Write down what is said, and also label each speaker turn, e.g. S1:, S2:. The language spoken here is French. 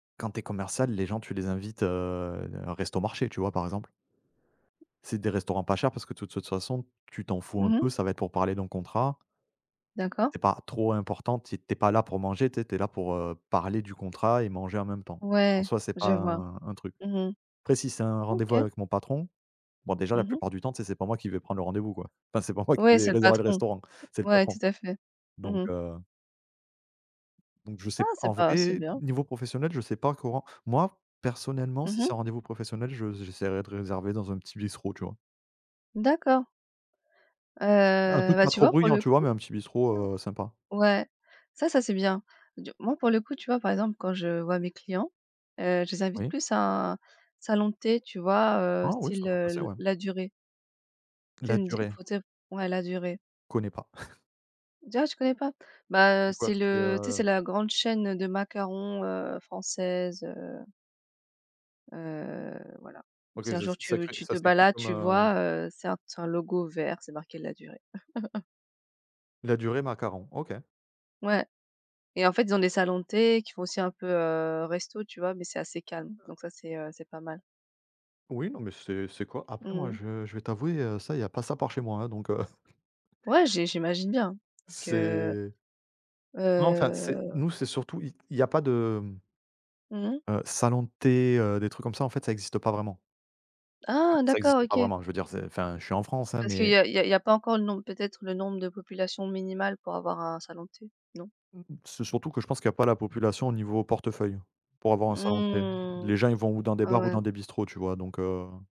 S1: Quand tu es commercial, les gens, tu les invites, heu, à un Resto marché, tu vois? Par exemple c'est des restaurants pas chers parce que de toute façon, tu t'en fous un
S2: Mmh mh.
S1: peu. Ça va être pour parler d'un contrat
S2: D'accord.
S1: c'est pas trop important. Tu y es tu es pas là pour manger, tu sais. Tu es là pour, heu, parler du contrat et manger en même temps. En
S2: Ouais,
S1: soi, c'est
S2: je
S1: pas
S2: vois,
S1: un un truc.
S2: mmh mh,
S1: Après, si c'est un rendez-vous
S2: OK.
S1: avec mon patron bon, déjà, la
S2: Mmh mh.
S1: plupart du temps, tu sais, c'est pas moi qui vais prendre le rendez-vous, quoi. Enfin, c'est pas moi qui
S2: Ouais,
S1: vais
S2: c'est le
S1: réserver le
S2: patron,
S1: restaurant, c'est le
S2: ouais, tout
S1: patron,
S2: à fait,
S1: donc
S2: mmh mh.
S1: heu donc je
S2: Ah
S1: sais en
S2: c'est pas c'est
S1: vrai,
S2: bien.
S1: niveau professionnel, je sais pas comment. Moi, personnellement
S2: Mmh
S1: si c'est
S2: mh.
S1: un rendez-vous professionnel, je j'essaierai de réserver dans un petit bistrot, tu vois.
S2: D'accord.
S1: Un
S2: Heu,
S1: truc
S2: ben
S1: pas
S2: tu
S1: trop
S2: vois, pour
S1: bruyant,
S2: le
S1: tu vois,
S2: coup,
S1: mais un petit bistrot, heu, sympa.
S2: ouais, ça ça c'est bien. Tu moi, pour le coup, tu vois, par exemple quand je vois mes clients, heu, je les invite
S1: Oui.
S2: plus à un, salon de thé, tu vois? Heu,
S1: Ah oui, ça
S2: style,
S1: peut
S2: heu
S1: passer,
S2: l
S1: ouais.
S2: Ladurée. Tu sais une di
S1: Ladurée?
S2: pour dire, ouais Ladurée.
S1: Connais pas.
S2: Dis, ah tu connais pas? Ben
S1: C'est quoi?
S2: c'est
S1: C'est,
S2: le tu sais, c'est
S1: heu.
S2: la grande chaîne, heu, de macarons, heu, française, heu. Heu, voilà. Si
S1: OK
S2: un
S1: ça s'é
S2: jour tu
S1: ça
S2: veux,
S1: cré
S2: tu te
S1: ça s'écrit
S2: balades,
S1: comme,
S2: tu
S1: heu...
S2: vois, heu, c'est un c'est un logo vert, c'est marqué Ladurée.
S1: Ladurée macarons, OK.
S2: Ouais et en fait, ils ont des salons de thé qui font aussi un peu, heu, restos, tu vois, mais c'est assez calme. Donc ça, c'est, heu, c'est pas mal.
S1: Oui, non mais c'est c'est cor après,
S2: Mmh
S1: moi
S2: mh.
S1: je je vais t'avouer, heu, ça, il y pas ça par chez moi, hein, donc, heu
S2: Ouais, j'i j'imagine bien, parce que,
S1: C'est non, enfin, c'est
S2: heu.
S1: nous, c'est surtout i il y a pas de, hem
S2: Mmh mh.
S1: heu, salons de thé, heu, des trucs comme ça, en fait, ça existe pas vraiment. Enfin,
S2: Ah,
S1: ça
S2: d'accord,
S1: existe pas
S2: OK.
S1: vraiment, je veux dire c'est enfin, je suis en France, hein,
S2: Parce qu'il
S1: mais
S2: y a il y a il y a pas encore le nombre, peut-être le nombre de population minimale pour avoir un salon de thé, non?
S1: mmh, c'est surtout que je pense qu'il y a pas la population niveau portefeuille, pour avoir un salon de thé.
S2: Mmh,
S1: Les gens, ils vont ou dans des
S2: ouais,
S1: bars ou
S2: ouais.
S1: dans des bistrots, tu vois. Donc, heu.